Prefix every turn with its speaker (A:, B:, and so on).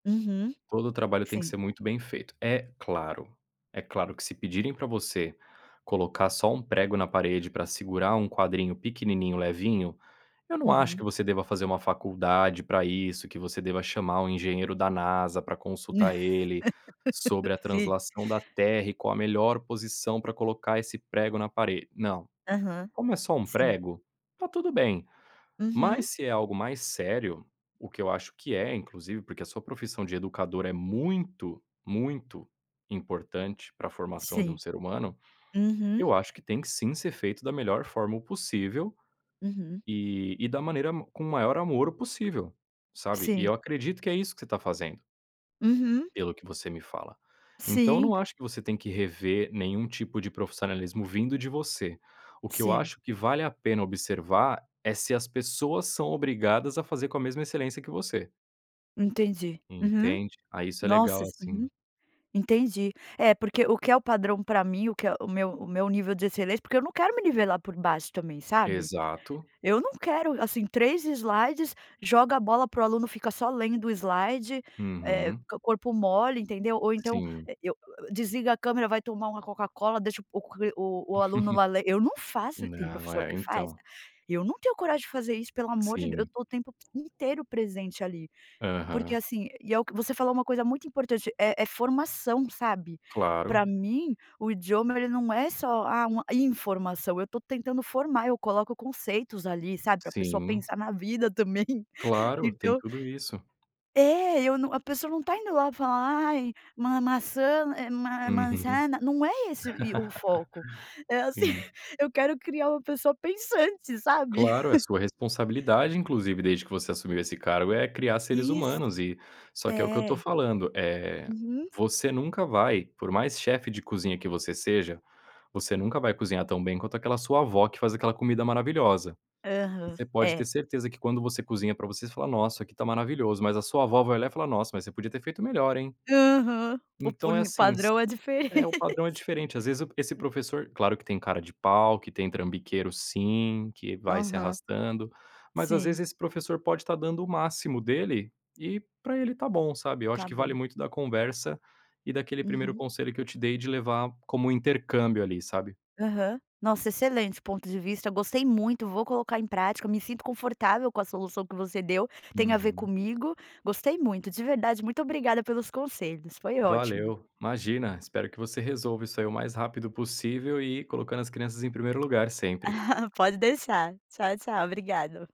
A: Uhum.
B: Todo o trabalho tem que
A: Sim.
B: ser muito bem feito, é claro. É claro que se pedirem pra você colocar só um prego na parede pra segurar um quadrinho pequenininho, levinho, eu não acho que
A: Uhum.
B: você deva fazer uma faculdade pra isso, que você deva chamar um engenheiro da Nasa pra consultar ele, sobre a
A: Sim.
B: translação da Terra e qual a melhor posição pra colocar esse prego na parede, não.
A: Aham,
B: Como é só um
A: sim.
B: prego, está tudo bem,
A: Uhum.
B: mas se é algo mais sério, o que eu acho que é, inclusive, porque a sua profissão de educador é muito, muito importante pra formação de um
A: Sim.
B: ser humano,
A: Uhum.
B: eu acho que tem sim ser feito da melhor forma possível,
A: Uhum.
B: e e da maneira com maior amor possível, sabe, e
A: Sim.
B: eu acredito que é isso que você tá fazendo
A: Uhum.
B: pelo que você me fala. Então eu
A: Sim.
B: não acho que você tem que rever nenhum tipo de profissionalismo vindo de você, o que eu
A: Sim.
B: acho que vale a pena observar é se as pessoas são obrigadas a fazer com a mesma excelência que você.
A: Entendi, uhum.
B: Entende. Ah, isso é
A: Nossa,
B: legal
A: s
B: assim.
A: uhum, entendi. É, porque o que é o padrão pra mim, o que é o meu o meu nível de excelência porque eu não quero me nivelar por baixo também, sabe.
B: Exato.
A: Eu não quero, assim, 3 slides, joga a bola pra o aluno, fica só lendo o slide, eh,
B: Uhum.
A: corpo mole, entendeu, ou então,
B: Sim.
A: eh, eu eu desliga a câmera, vai tomar uma Coca-Cola, deixa o q o o aluno lá len eu não faço, tem
B: Não,
A: professor
B: é,
A: que faz.
B: então.
A: Eu não tenho coragem de fazer isso, pelo amor de Deus, eu
B: Sim.
A: estou o tempo inteiro presente ali, porque
B: Aham.
A: assim e é o que você falou uma coisa muito importante, é é formação, sabe. Pra
B: Claro.
A: mim o idioma, ele não é só, ah, uma informação, eu tô tentando formar, eu coloco conceitos ali, sabe, pra a pessoa
B: Sim.
A: pensar na vida também,
B: Claro, tem
A: então
B: tudo isso.
A: É, eu não a pessoa não tá indo lá falar: "Ai, ma maçã, eh ma
B: Uhum.
A: manzana", não é esse, e, o foco, é assim,
B: Sim.
A: eu quero criar uma pessoa pensante, sabe.
B: Claro, é sua responsabilidade inclusive, desde que você assumiu esse cargo, é criar seres
A: Isso.
B: humanos e só que é o que eu estou
A: É.
B: falando, eh,
A: Uhum.
B: você nunca vai, por mais chefe de cozinha que você seja, você nunca vai cozinhar tão bem quanto aquela sua avó que faz aquela comida maravilhosa.
A: Aham,
B: Você pode ter
A: é.
B: certeza que quando você cozinha pra você, você fala: "Nossa, isso aqui tá maravilhoso", mas a sua avó vai olhar e falar: "Nossa, mas você podia ter feito melhor, hein".
A: Aham. O
B: Então é
A: punho
B: assim, s
A: padrão é
B: é, o
A: diferente.
B: padrão é diferente, às vezes p esse professor claro que tem cara de pau, que tem trambiqueiro sim, que vai se
A: Aham.
B: arrastando, mas às
A: Sim.
B: vezes esse professor pode estar dando o máximo dele e pra ele está bom, sabe, eu
A: Está
B: acho que vale
A: bom.
B: muito da conversa e daquele primeiro
A: Uhum.
B: conselho que eu te dei, de levar como intercâmbio, ali, sabe.
A: Aham. Nossa, excelente ponto de vista, gostei muito, vou colocar em prática, eu me sinto confortável com a solução que você deu, tem a ver
B: Uhum.
A: comigo, gostei muito, de verdade, muito obrigada pelos conselhos, foi ótimo.
B: Valeu. Imagina, espero que você resolva isso aí o mais rápido possível e colocando as crianças em primeiro lugar sempre.
A: Pode deixar. Tchau, tchau obrigado.